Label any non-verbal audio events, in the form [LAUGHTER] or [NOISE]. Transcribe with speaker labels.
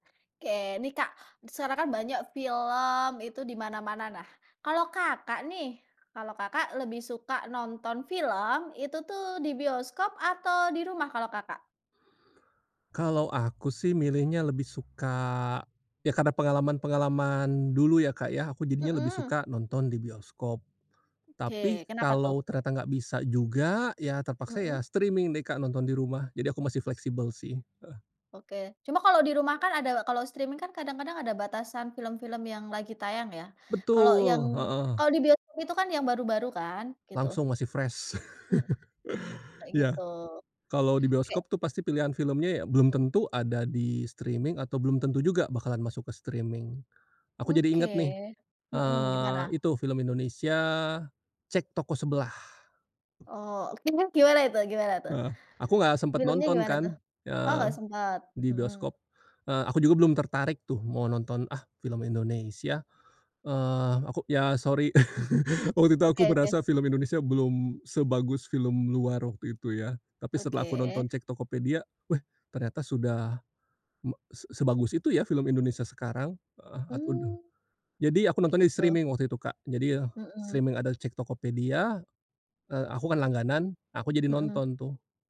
Speaker 1: Ke nih, Kak, sekarang kan banyak film itu dimana-mana nah, kalau kakak nih kalau kakak lebih suka nonton film itu tuh di bioskop atau di rumah kalau, Kakak?
Speaker 2: Kalau aku sih milihnya lebih suka, ya karena pengalaman-pengalaman dulu ya, Kak, ya aku jadinya lebih
Speaker 1: Mhm.
Speaker 2: suka nonton di bioskop, tapi
Speaker 1: Oke, kenapa tuh?
Speaker 2: kalau ternyata nggak bisa juga ya terpaksa ya
Speaker 1: Mhm.
Speaker 2: streaming deh, Kak, nonton di rumah jadi aku masih fleksibel sih, heeh.
Speaker 1: Oke, cuma kalau di rumah kan ada kalau streaming kan kadang-kadang ada batasan film-film yang lagi tayang ya, kalau yang
Speaker 2: Betul, heeh.
Speaker 1: kalau di bioskop itu kan yang baru-baru kan, gitu.
Speaker 2: Langsung masih fresh. [LAUGHS]
Speaker 1: Kayak
Speaker 2: Ya,
Speaker 1: gitu,
Speaker 2: kalo di
Speaker 1: oke.
Speaker 2: bioskop tuh pasti pilihan filmnya ya belum tentu ada di streaming atau belum tentu juga bakalan masuk ke streaming. Aku jadi inget nih,
Speaker 1: Oke, mhm,
Speaker 2: eee,
Speaker 1: gimana?
Speaker 2: itu film Indonesia, Cek Toko Sebelah.
Speaker 1: Oh, gimana itu gimana tuh?
Speaker 2: Heeh, aku gak sempet
Speaker 1: Filmnya
Speaker 2: nonton
Speaker 1: gimana tuh?
Speaker 2: kan,
Speaker 1: Oh,
Speaker 2: eee,
Speaker 1: gak sempet,
Speaker 2: di
Speaker 1: mhm.
Speaker 2: bioskop, eee, aku juga belum tertarik tuh mau nonton ah film Indonesia, eee, aku ya sorry, [LAUGHS] waktu itu aku
Speaker 1: Oke oke.
Speaker 2: berasa film Indonesia belum sebagus film luar waktu itu ya tapi setelah aku nonton
Speaker 1: Oke.
Speaker 2: cek Tokopedia weh, ternyata sudah se sebagus itu ya film Indonesia sekarang.. [UNINTELLIGIBLE]
Speaker 1: Hmm,
Speaker 2: Jadi aku nonton di
Speaker 1: gitu.
Speaker 2: streaming waktu itu, Kak, jadi ya
Speaker 1: Mhm.
Speaker 2: streaming ada cek Tokopedia, eee, aku kan langganan, aku jadi
Speaker 1: Mhm.
Speaker 2: nonton tuh.